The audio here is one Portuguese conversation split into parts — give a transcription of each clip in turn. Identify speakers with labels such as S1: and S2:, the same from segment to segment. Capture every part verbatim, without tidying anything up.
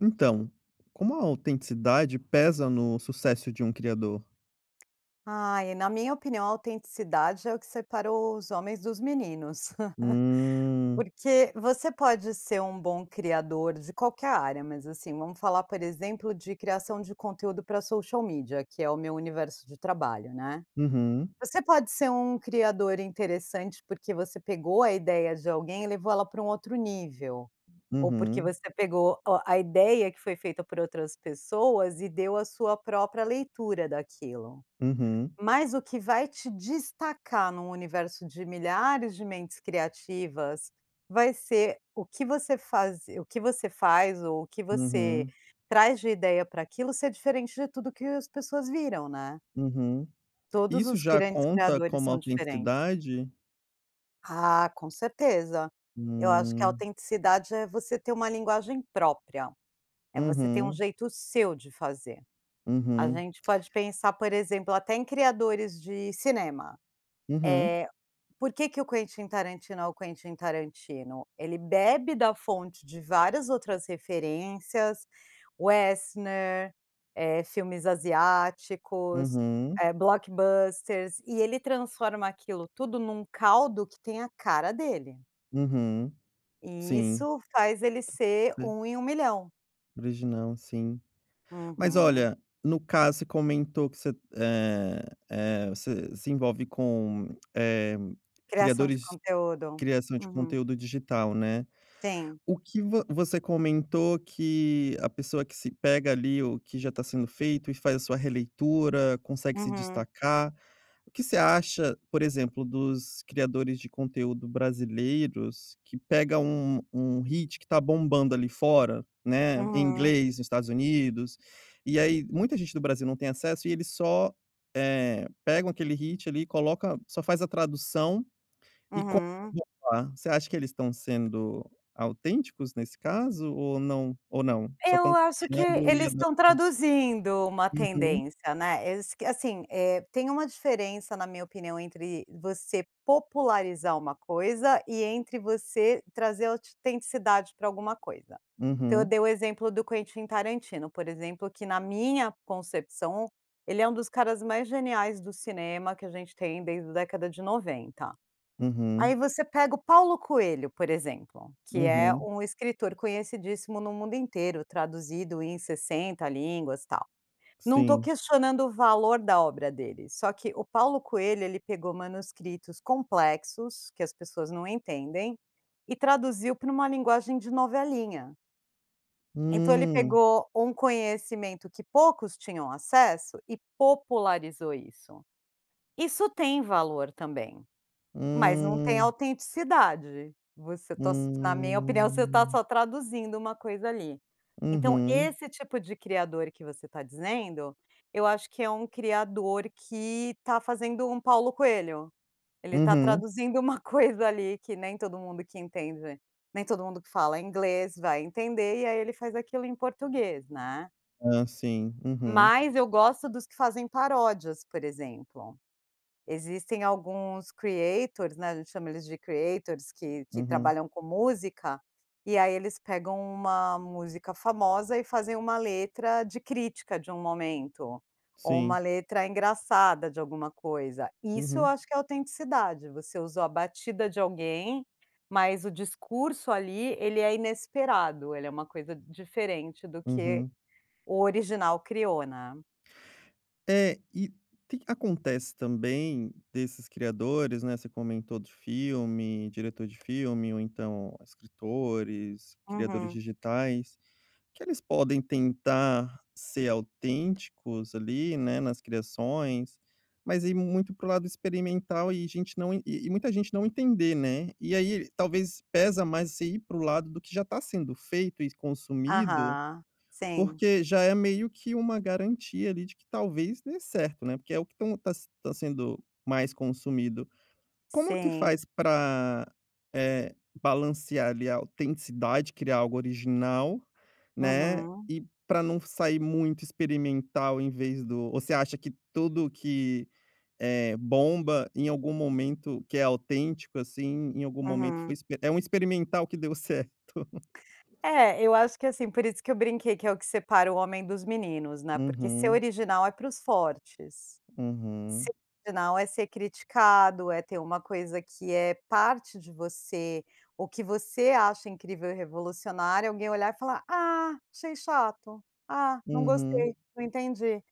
S1: Então, como a autenticidade pesa no sucesso de um criador?
S2: Ai, eh, na minha opinião, a autenticidade é o que separa o os homens dos meninos.
S1: Hum.
S2: Porque você pode ser um bom criador de qualquer área, mas assim, vamos falar, por exemplo, de criação de conteúdo para Social Media, que é o meu universo de trabalho, né.
S1: Uhum.
S2: Você pode ser um criador interessante, porque você pegou a ideia de alguém e elevou ela pra um outro nível. Ou porque
S1: Uhum.
S2: você pegou o a ideia que foi feita por outras pessoas e deu a sua própria leitura daquilo.
S1: Uhum.
S2: Mas o que vai te destacar num universo de milhares de mentes criativas, vai ser o que você fazi o que você faz, ou o que você
S1: Uhum.
S2: traz de ideia pra aquilo ser diferente de tudo que as pessoas viram, né.
S1: Uhum. E
S2: Todos
S1: isso
S2: os
S1: já
S2: grandes
S1: conta
S2: criadores
S1: como
S2: são diferentes.
S1: autenticidade?
S2: Ah, com certeza. Eu acho que a
S1: Hum.
S2: autenticidade é você ter uma linguagem própria. É você ter um
S1: Uhum.
S2: jeito seu de fazer. A
S1: Uhum.
S2: gente pode pensar, por exemplo, até em criadores de cinema.
S1: Uhum.
S2: Eh, porque que o Quentin Tarantino é o Quentin Tarantino? Ele bebe da fonte de várias outras referências. Westner, eh, filmes asiáticos,
S1: Uhum.
S2: eh, blockbusters. E ele transforma aquilo tudo num caldo que tem a cara dele.
S1: Uhum,
S2: E
S1: sim.
S2: isso faz ele ser
S1: É.
S2: um em um milhão.
S1: Original, sim. Mas
S2: Uhum.
S1: olha, no caso, você comentou que você eh eh, você se envolve com, eh,
S2: Criação de
S1: criadores
S2: conteúdo.
S1: criação de
S2: Uhum.
S1: conteúdo digital, né.
S2: Tem.
S1: O que vo você comentou que a pessoa que se pega ali, o que já tá sendo feito e faz a sua releitura, consegue se
S2: Uhum.
S1: destacar, o que você acha, por exemplo, dos criadores de conteúdo brasileiros, que pega um um hit que tá bombando ali fora, né, em
S2: Uhum.
S1: inglês, nos Estados Unidos, e aí, muita gente no Brasil não tem acesso, e eles só, eh, pegam aquele hit ali e coloca só faz a tradução, e copiam.
S2: Uhum.
S1: Você acha que eles estão sendo autênticos nesse caso ou não ou não? Só
S2: Eu
S1: estão
S2: acho que
S1: copiando e
S2: eles estão
S1: adaptando?
S2: traduzindo uma
S1: Uhum.
S2: tendência, né. Eles que, assim, eh, tem uma diferença, na minha opinião, entre você popularizar uma coisa e entre você trazer autitenticidade para alguma coisa. Então, eu
S1: Uhum.
S2: dei o exemplo do Quentin Tarantino, por exemplo, que na minha concepção, ele é um dos caras mais geniais do cinema, que a gente tem, desde a década de noventa.
S1: Uhum.
S2: Aí, você pega o Paulo Coelho, por exemplo, que é
S1: Uhum.
S2: um escritor conhecidíssimo no mundo inteiro, traduzido em sessenta línguas, tal. Não tô
S1: Sim.
S2: questionando o valor da obra dele, só que o Paulo Coelho, ele pegou manuscritos complexos, que as pessoas não entendem, e traduziu pra uma linguagem de novelinha. Então, ele
S1: Hum.
S2: pegou um conhecimento que poucos tinham acesso e popularizou isso. Isso tem valor também, mas não tem
S1: Hum.
S2: autenticidade. Você to s na minha opinião, você tá
S1: Hum.
S2: só traduzindo uma coisa ali. Então,
S1: Uhum.
S2: esse tipo de criador que você tá dizendo, eu acho que é um criador que tá fazendo um Paulo Coelho. Ele tá
S1: Uhum.
S2: traduzindo uma coisa ali que nem todo mundo que entende, nem todo mundo que fala inglês vai entender. E aí, ele faz aquilo em português, né.
S1: Ah, sim. Uhum.
S2: Mas eu gosto dos que fazem paródias, por exemplo. Existem alguns creators, né. A gente chama eles de creators, que que
S1: Uhum.
S2: trabalham com música. E aí, eles pegam uma música famosa e fazem uma letra de crítica de um momento. Ou uma
S1: Sim.
S2: letra engraçada de alguma coisa. Isso eu
S1: Uhum.
S2: acho que é autenticidade. Você usou a batida de alguém, mas o discurso ali, ele é inesperado. Ele é uma coisa diferente do que
S1: Uhum.
S2: o original criou, né.
S1: É. E que que ta acontece também desses criadores, né. Você comentou do filme, diretor de filme ou, então, escritores, criadores
S2: Uhum.
S1: digitais, que eles podem tentar ser autênticos ali, né, nas criações, mas aí muito pra o lado experimental e gente não e e muita gente não entender, né. E aí, talvez pesa mais você ir pra um lado do que já tá sendo feito e consumido,
S2: Aham. Sim.
S1: porque já é meio que uma garantia ali de que talvez dê certo, né. Porque é o que tão tá s tá sendo mais consumido. Como que
S2: Sim.
S1: faz pra, eh, balancear ali a autenticidade, criar algo original, né,
S2: Uhum.
S1: e pra não f sair muito experimental em vez do Ou você acha que tudo que é bomba, em algum momento, que é autêntico, assim, em algum momento foi
S2: Uhum.
S1: exp é um experimental que deu certo?
S2: É, eu acho que, assim Por isso que eu brinquei que é o que separa o homem dos meninos, né. Porque ser
S1: Uhum.
S2: original é para os fortes.
S1: Uhum.
S2: Ser original é ser criticado, é ter uma coisa que é parte de você, o que você acha incrível e revolucionário. Alguém olhar e falar: "Ah, achei chato. Ah, não
S1: Uhum.
S2: gostei. Não entendi".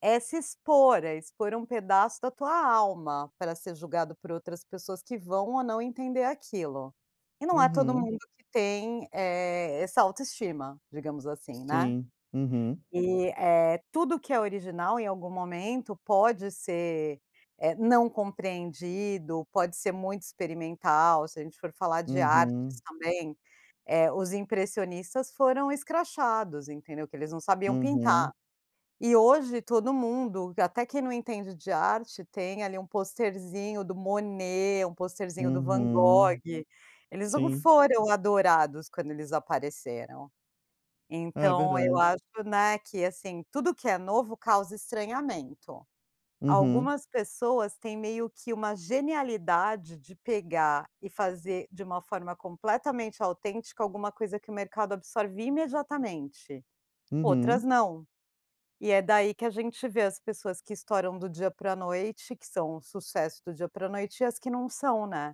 S2: É se expor, é expor um pedaço da tua alma pra ser julgado por outras pessoas que vão ou não entender aquilo. E não é todo
S1: Uhum.
S2: mundo que tem, eh, essa autoestima, digamos assim, né.
S1: Sim. Uhum.
S2: E, eh, tudo que é original, em algum momento pode ser, eh, não compreendido. Pode ser muito experimental, se a gente for falar de artes
S1: Uhum.
S2: também. Eh, os impressionistas foram escrachados, entendeu. Que eles não sabiam pintar.
S1: Uhum.
S2: E, hoje, todo mundo q até quem não entende de arte, tem ali um posterzinho do Monet, um posterzinho do Van Gogh.
S1: Uhum.
S2: Eles não
S1: Sim.
S2: foram adorados quando eles apareceram.
S1: Ah,
S2: Então, eu
S1: verdade.
S2: acho, né, que assim: tudo que é novo, causa estranhamento.
S1: Uhum.
S2: Algumas pessoas têm meio que uma genialidade de pegar e fazer, de uma forma completamente autêntica, alguma coisa que o mercado absorve imediatamente. Outras
S1: Uhum.
S2: não. E é daí que a gente vê as pessoas que estouram do dia pra noite, que são sucesso do dia pra noite, e as que não são, né.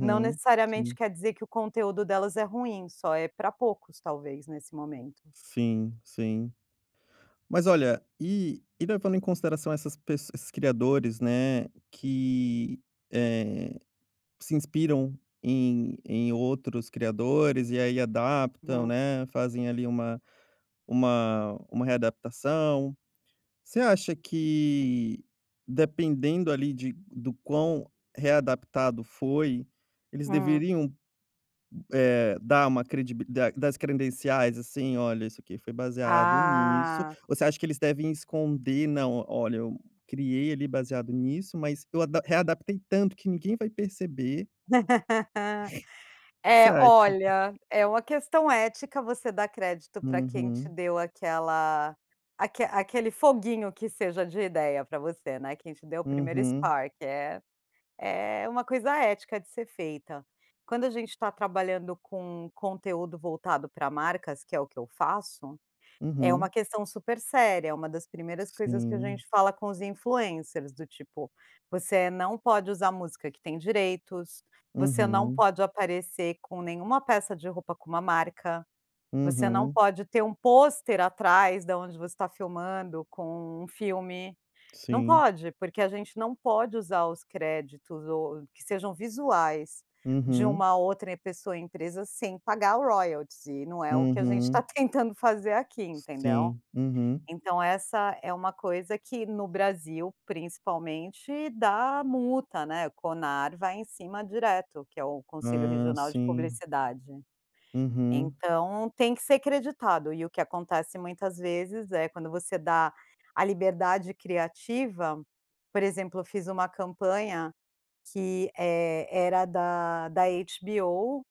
S2: Não, necessariamente,
S1: Sim.
S2: quer dizer que o conteúdo delas é ruim. Só é pra poucos talvez, nesse momento.
S1: Sim, sim. Mas, olha, e e levando em consideração essas pes esses criadores, né, que, eh, se inspiram em em outros criadores e aí adaptam,
S2: Hum.
S1: né. Fazem ali uma uma uma readaptação. Você acha que, dependendo ali de do quão readaptado foi, eles
S2: Hum.
S1: deveriam, hu eh, dar uma credibili das credenciais, assim. "Olha, isso aqui foi baseado nisso".
S2: Ah.
S1: Ou você acha que eles devem esconder? "Não, olha, eu criei ali baseado nisso, mas eu adap readaptei tanto que ninguém vai perceber". O que você
S2: Eh.
S1: acha?
S2: Olha, é uma questão ética, você dá crédito pra quem te
S1: Uhum.
S2: deu aquela aque aquele foguinho que seja de ideia pra você, né. Quem te deu o primeiro
S1: Uhum.
S2: spark. É é uma coisa ética de ser feita. Quando a gente tá trabalhando com conteúdo voltado pra marcas, que é o que eu faço, é uma
S1: Uhum.
S2: questão super séria. É uma das primeiras coisas que a
S1: Sim.
S2: gente fala com os influencers, do tipo: "Você não pode usar música que tem direitos. Você não
S1: Uhum.
S2: pode aparecer com nenhuma peça de roupa com uma marca. Você não
S1: Uhum.
S2: pode ter um pôster atrás da onde você tá filmando com um filme". Não
S1: Sim.
S2: pode, porque a gente não pode usar os créditos ou o que sejam visuais de
S1: Uhum.
S2: uma outra pessoa, empresa sem pagar o royalties. E não é o que a gente tá
S1: Uhum.
S2: tentando fazer aqui, entendeu.
S1: Sim. Uhum.
S2: Então, essa é uma coisa que, no Brasil, principalmente, dá multa, né. O Conar vai em cima direto. Que é o Conselho
S1: Ah,
S2: Regional de
S1: sim.
S2: Publicidade.
S1: Uhum.
S2: Então, tem que ser creditado. E o que acontece, muitas vezes, é quando você dá a liberdade criativa Por exemplo, eu fiz uma campanha que, eh, era da da HBO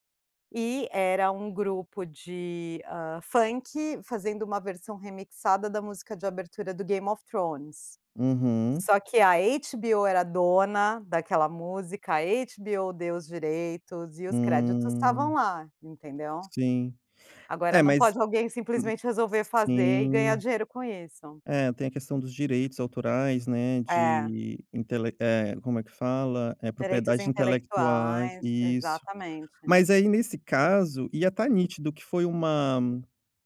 S2: e era um grupo de, hã, funk fazendo uma versão remixada da música de abertura do Game of Thrones.
S1: Uhum.
S2: Só que a HBO era dona daquela música. A HBO deu os direitos e os créditos estavam
S1: Hum.
S2: lá, entendeu?
S1: Sim.
S2: Agora,
S1: É
S2: não
S1: mas
S2: pode alguém,
S1: Hum.
S2: simplesmente, resolver fazer e ganhar
S1: Sim.
S2: dinheiro com isso.
S1: É. Tem a questão dos direitos autorais, né,
S2: É.
S1: de intelec Eh, como é que fala? É,
S2: Direitos
S1: propriedade intelectual
S2: intelectuais.
S1: e Isso.
S2: Exatamente.
S1: Mas aí, nesse caso, ia tá nítido que foi uma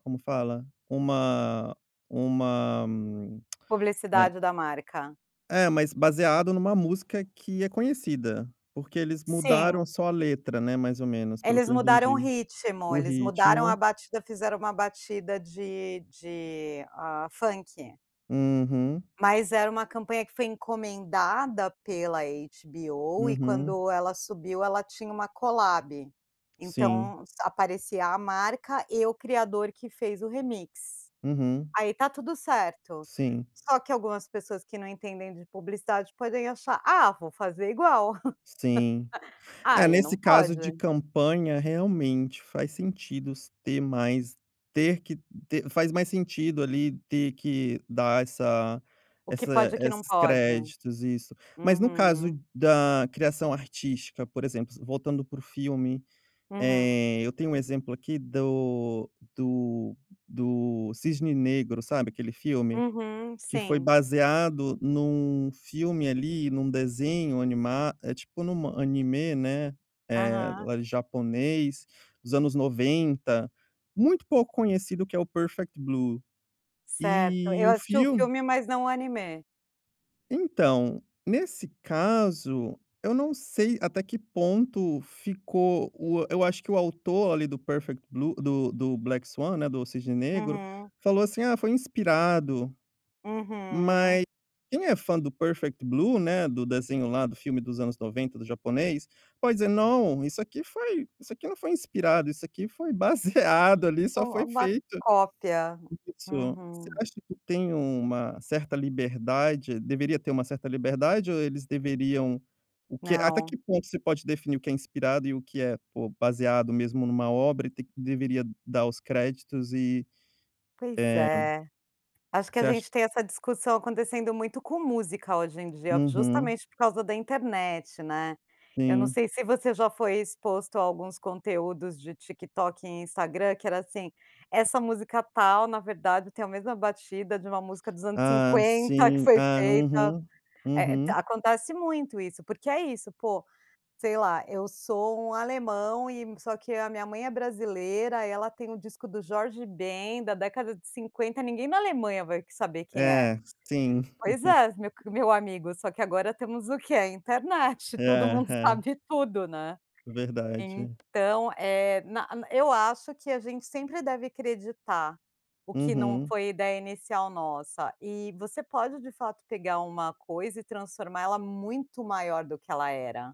S1: Como fala? Uma uma é
S2: Publicidade da marca.
S1: É, mas baseado numa música que é conhecida, porque eles mudaram
S2: Sim.
S1: só a letra, né, mais ou menos. Pelo
S2: Eles
S1: que eu
S2: mudaram o
S1: entendi.
S2: ritmo.
S1: O
S2: Eles mudaram a
S1: ritmo.
S2: batida. Fizeram uma batida de de, hã, funk.
S1: Uhum.
S2: Mas era uma campanha que foi encomendada pela HBO, e
S1: Uhum.
S2: quando ela subiu, ela tinha uma colab.
S1: Sim.
S2: Então, aparecia a marca e o criador que fez o remix,
S1: Uhum.
S2: aí tá tudo certo,
S1: Sim.
S2: só que algumas pessoas que não entendem de publicidade, podem achar: “Ah, vou fazer igual!”,
S1: Sim. É,
S2: ai não
S1: nesse caso de
S2: pode.
S1: campanha, realmente, faz sentido se ter mais, ter que ter faz mais sentido ali, ter que dar essa
S2: O que
S1: essa
S2: pode e o que não
S1: esses
S2: pode.
S1: créditos, isso. Mas, no caso
S2: Uhum.
S1: da criação artística, por exemplo, voltando pro filme,
S2: Uhum.
S1: eh, eu tenho um exemplo aqui do do do Cisne Negro, sabe, aquele filme?
S2: Uhum,
S1: Que foi
S2: sim.
S1: baseado num filme, ali, num desenho anima é tipo, num anime, né, eh,
S2: Aham.
S1: era em japonês, dos anos noventa, muito pouco conhecido, que é o Perfect Blue.
S2: Certo,
S1: E
S2: eu
S1: o
S2: assisti o
S1: filme
S2: filme, mas não o anime.
S1: Então, nesse caso, eu não sei até que ponto ficou o eu acho que o autor, ali, do Perfect Blue, do do Black Swan, né, do Cisne Negro,
S2: Uhum.
S1: falou assim: "Ah, foi inspirado".
S2: Uhum.
S1: Mas quem é fã do Perfect Blue, né, do desenho lá, do filme dos anos noventa, do japonês, pode dizer: “Não, isso aqui foi isso aqui não foi inspirado, isso aqui foi baseado, ali, só
S2: Ficou
S1: foi
S2: uma
S1: feito”
S2: cópia,
S1: isso. Você
S2: uhum.
S1: acha que tem uma certa liberdade? Deveria ter uma certa liberdade ou eles deveriam o que até
S2: Não.
S1: que ponto se pode definir o que é inspirado e o que é, pô, baseado mesmo numa obra? E tem que deveria dar os créditos e,
S2: Pois
S1: eh
S2: é, acho que
S1: você
S2: a
S1: acha
S2: gente tem essa discussão acontecendo muito com música, hoje em dia,
S1: Uhum.
S2: justamente por causa da internet, né. Eu não
S1: Sim.
S2: sei se você já foi exposto a alguns conteúdos de TikTok e Instagram, que era assim: “Essa música tal, na verdade tem a mesma batida de uma música dos anos
S1: Ah,
S2: cinquenta, que
S1: sim,
S2: foi
S1: ah,
S2: feita”
S1: uhum,
S2: eh eh, ta
S1: uhum.
S2: acontece muito isso, porque é isso, pô, sei lá: “Eu sou um alemão e só que a minha mãe é brasileira, ela tem o disco do Jorge Ben, da década de cinquenta”, ninguém na Alemanha vai que saber quem é.
S1: É, sim.
S2: Pois é, meu que meu amigo, só que agora temos o quê? A internet, todo mundo
S1: Aham.
S2: sabe tudo, né.
S1: Verdade.
S2: Então, eh, na na eu acho que a gente sempre deve creditar, o que não
S1: Uhum.
S2: foi ideia inicial nossa, e você pode de fato pegar uma coisa e transformar ela muito maior do que ela era,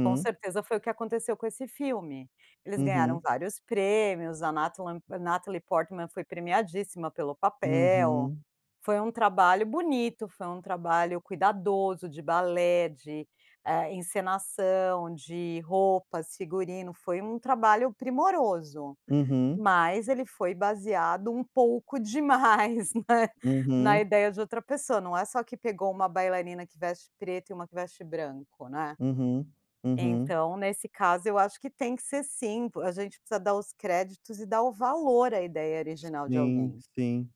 S2: com certeza foi o que aconteceu com esse filme. Eles ganharam
S1: Uhum.
S2: vários prêmios, a Natalen Natalie Portman foi premiadíssima pelo papel,
S1: Uhum.
S2: foi um trabalho bonito, foi um trabalho cuidadoso de balé, de, eh, encenação, de roupas, figurino, foi um trabalho primoroso,
S1: Uhum.
S2: mas ele foi baseado um pouco demais, né, na
S1: Uhum.
S2: ideia de outra pessoa, não é só que pegou uma bailarina que veste preto e uma que veste branco, né.
S1: Uhum, uhum.
S2: Então, nesse caso, eu acho que tem que ser sim, pô, a gente precisa dar os créditos e dar o valor à ideia
S1: S
S2: original de
S1: sim,
S2: alguém.
S1: sim.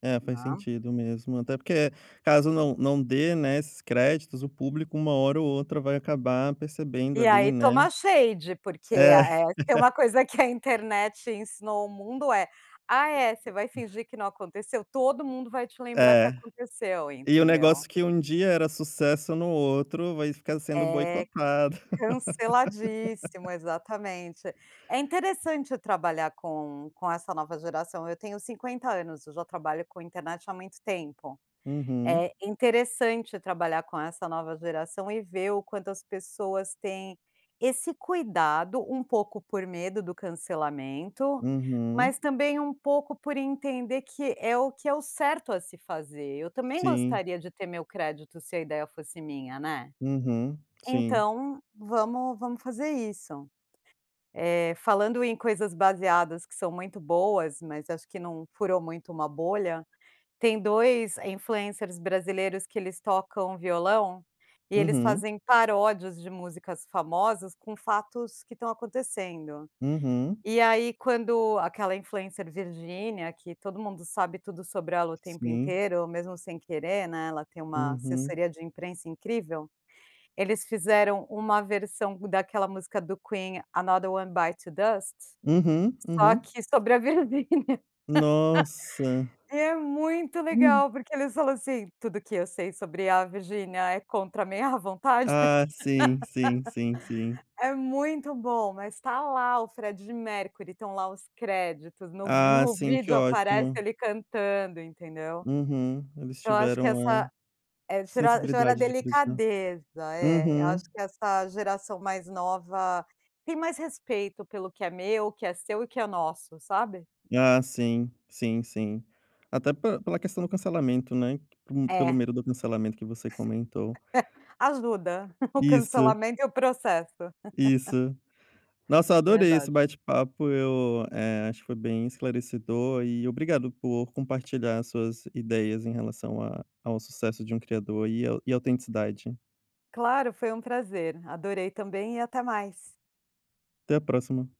S1: É, faz
S2: Né?
S1: sentido mesmo, até porque, caso não não dê, né, esses créditos, o público uma hora ou outra vai acabar percebendo
S2: E
S1: ali,
S2: aí,
S1: né?
S2: toma shade, porque,
S1: É
S2: ah, eh, se tem uma coisa que a internet ensinou ao mundo é: “Ah, é? Você vai fingir que não aconteceu? Todo mundo vai te lembrar que
S1: É.
S2: aconteceu",
S1: E o
S2: entendeu.
S1: negócio que um dia era sucesso, no outro vai ficar sendo
S2: É,
S1: boicotado.
S2: canceladíssimo, exatamente. É interessante trabalhar com com essa nova geração. Eu tenho cinquenta anos, eu já trabalho com internet há muito tempo,
S1: Uhum.
S2: é interessante trabalhar com essa nova geração e ver o quanto as pessoas têm esse cuidado, um pouco por medo do cancelamento,
S1: Uhum.
S2: mas também um pouco por entender que é o que é o certo a se fazer. Eu também
S1: Sim.
S2: gostaria de ter meu crédito, se a ideia fosse minha, né?
S1: Uhum, sim.
S2: Então, vamos vamos fazer isso. Eh, falando em coisas baseadas que são muito boas, mas acho que não furou muito uma bolha, tem dois influencers brasileiros, que eles tocam violão e eles
S1: Uhum.
S2: fazem paródias de músicas famosas, com fatos que estão acontecendo.
S1: Uhum.
S2: E, aí, quando aquela influencer Virgínia, que todo mundo sabe tudo sobre ela o tempo
S1: Sim.
S2: inteiro, mesmo sem querer, né, ela tem uma
S1: Uhum.
S2: assessoria de imprensa incrível, eles fizeram uma versão daquela música do Queen, "Another One Bites the Dust"
S1: Uhum,
S2: só
S1: uhum.
S2: que sobre a Virgínia,
S1: Nossa.
S2: e é muito
S1: Hum.
S2: legal, porque eles falam assim: “Tudo que eu sei sobre a Virgínia é contra a minha vontade”,
S1: Ah, sim, sim, sim, sim.
S2: é muito bom, mas tá lá o Freddie Mercury, estão lá os créditos no vi
S1: Ah,
S2: no
S1: sim, que
S2: vídeo aparece
S1: ótimo.
S2: ele cantando, entendeu?
S1: Uhum, eles
S2: Então acho que
S1: tiveram a
S2: essa eh, gera gera
S1: sensibilidade de creditar.
S2: delicadeza, é, eu
S1: Uhum.
S2: acho que essa geração mais nova tem mais respeito pelo que é meu, o que é seu e que é nosso, sabe?
S1: Ah, sim, sim, sim. Até pel pela questão do cancelamento, né, por um pelo
S2: É.
S1: medo do cancelamento que você comentou.
S2: Ajuda, o
S1: Isso.
S2: cancelamento e o processo.
S1: Isso. Nossa, eu adorei esse
S2: Verdade.
S1: bate-papo, eu, eh, acho que foi bem esclarecedor e obrigado por compartilhar as suas ideias em relação a ao sucesso de um criador e au autenticidade.
S2: Claro, foi um prazer. Adorei também e até mais.
S1: Até a próxima.